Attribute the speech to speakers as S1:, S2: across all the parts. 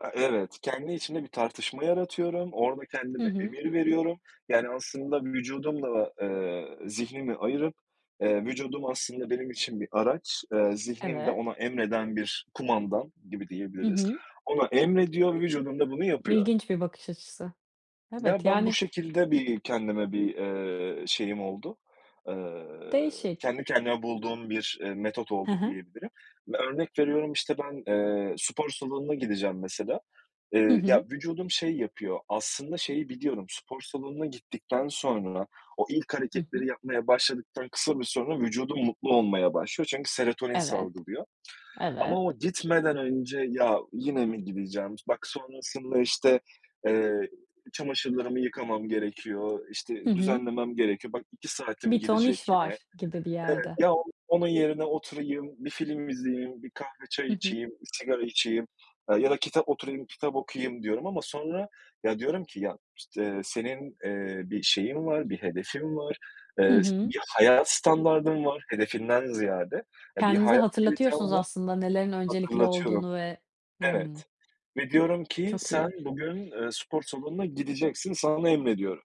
S1: A, evet. Kendi içimde bir tartışma yaratıyorum, orada
S2: Hı
S1: kendime
S2: hı.
S1: emir veriyorum, yani aslında vücudumla da, ııı, zihnimi ayırıp, ııı, vücudum aslında benim için bir araç, ııı, zihnimde
S2: Evet.
S1: ona emreden bir kumandan gibi
S2: Hı
S1: diyebiliriz.
S2: hı.
S1: Ona emrediyor, vücudum da bunu yapıyor.
S2: İlginç bir bakış açısı.
S1: Ya
S2: Evet
S1: ben bu
S2: yani
S1: şekilde bir, kendime bir, ııı, şeyim oldu. Iıı,
S2: Değişik.
S1: kendi kendime bulduğum bir, iii, metot
S2: Hı
S1: oldu
S2: hı.
S1: diyebilirim. Ve örnek veriyorum işte ben, ııı, spor salonuna gideceğim mesela,
S2: Hı
S1: ııı, ya,
S2: hı.
S1: vücudum şey yapıyor, aslında şeyi biliyorum, spor salonuna gittikten sonra, o ilk
S2: Hı hı.
S1: hareketleri yapmaya başladıktan kısa bir süre sonra, vücudum mutlu olmaya başlıyor. Çünkü serotonin
S2: Evet,
S1: salgılıyor
S2: evet.
S1: ama o gitmeden önce ya yine mi gideceğim, bak sonrasında işte, ııı, çamaşırlarımı yıkamam gerekiyor,
S2: Hı
S1: işte
S2: hı.
S1: düzenlemem gerekiyor, bak 2 saatim
S2: Bir ton iş
S1: gidecek yine.
S2: var gibi bir yerde.
S1: Ya onun yerine oturayım, bir film izleyeyim, bir kahve
S2: Hı
S1: çay
S2: hı.
S1: içeyim, bir sigara içeyim, aaa, ya da kitap oturayım kitap okuyayım diyorum ama sonra ya diyorum ki ya işte senin, ııı, bir şeyin var, bir hedefin var,
S2: Hı
S1: ııı,
S2: hı.
S1: bir hayat standardın var hedefinden ziyade, eee, bir
S2: Kendinize
S1: hayat kalitem
S2: hatırlatıyorsunuz
S1: var,
S2: aslında nelerin öncelikli
S1: hatırlatıyorum.
S2: olduğunu ve Hıı.
S1: Evet ve diyorum ki
S2: Çok
S1: sen
S2: iyi!
S1: bugün, ııı, spor salonuna gideceksin, sana emrediyorum.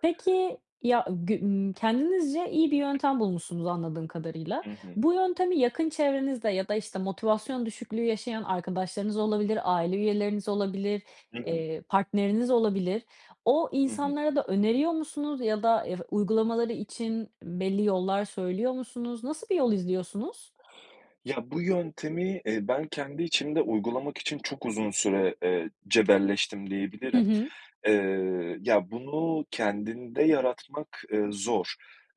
S2: Peki, ya gü ımm, kendinizce iyi bir yöntem bulmuşsunuz anladığım kadarıyla.
S1: Hı hı.
S2: Bu yöntemi yakın çevrenizde ya da işte motivasyon düşüklüğü yaşayan arkadaşlarınız olabilir, aile üyeleriniz olabilir,
S1: Hı hı.
S2: eee, partneriniz olabilir. O
S1: Hı hı.
S2: insanlara da öneriyor musunuz ya da, ııı, uygulamaları için belli yollar söylüyor musunuz? Nasıl bir yol izliyorsunuz?
S1: Ya bu yöntemi, eee, ben kendi içimde uygulamak için çok uzun süre, eee, cebelleştim
S2: Hı
S1: diyebilirim.
S2: hı.
S1: Eee, ya bunu kendinde yaratmak, ııı, zor.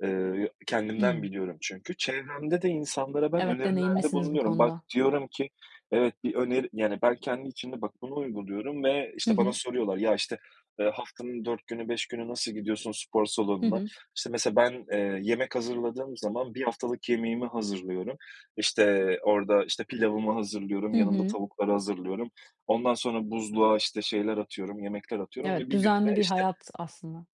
S1: Iıı, kendimden
S2: Hıı.
S1: biliyorum çünkü. Çevremde de insanlara ben
S2: Evet,
S1: önerilerde
S2: deneyimlisiniz bu
S1: bulunuyorum. Bak
S2: konuda.
S1: diyorum ki, evet bir öneri yani ben kendi içimde bak bunu uyguluyorum ve
S2: Hı
S1: işte bana
S2: hı.
S1: soruyorlar, ya işte, eee, haftanın 4 günü 5 günü nasıl gidiyorsun spor
S2: Hı
S1: salonuna?
S2: hı.
S1: İşte mesela ben, eee, yemek hazırladığım zaman, bir haftalık yemeğimi hazırlıyorum. İşte orada işte pilavımı hazırlıyorum,
S2: Hı
S1: yanında
S2: hı.
S1: tavukları hazırlıyorum. Ondan sonra buzluğa işte şeyler atıyorum, yemekler atıyorum ve
S2: Evet,
S1: bir gün
S2: düzenli
S1: de
S2: bir
S1: işte
S2: hayat aslında.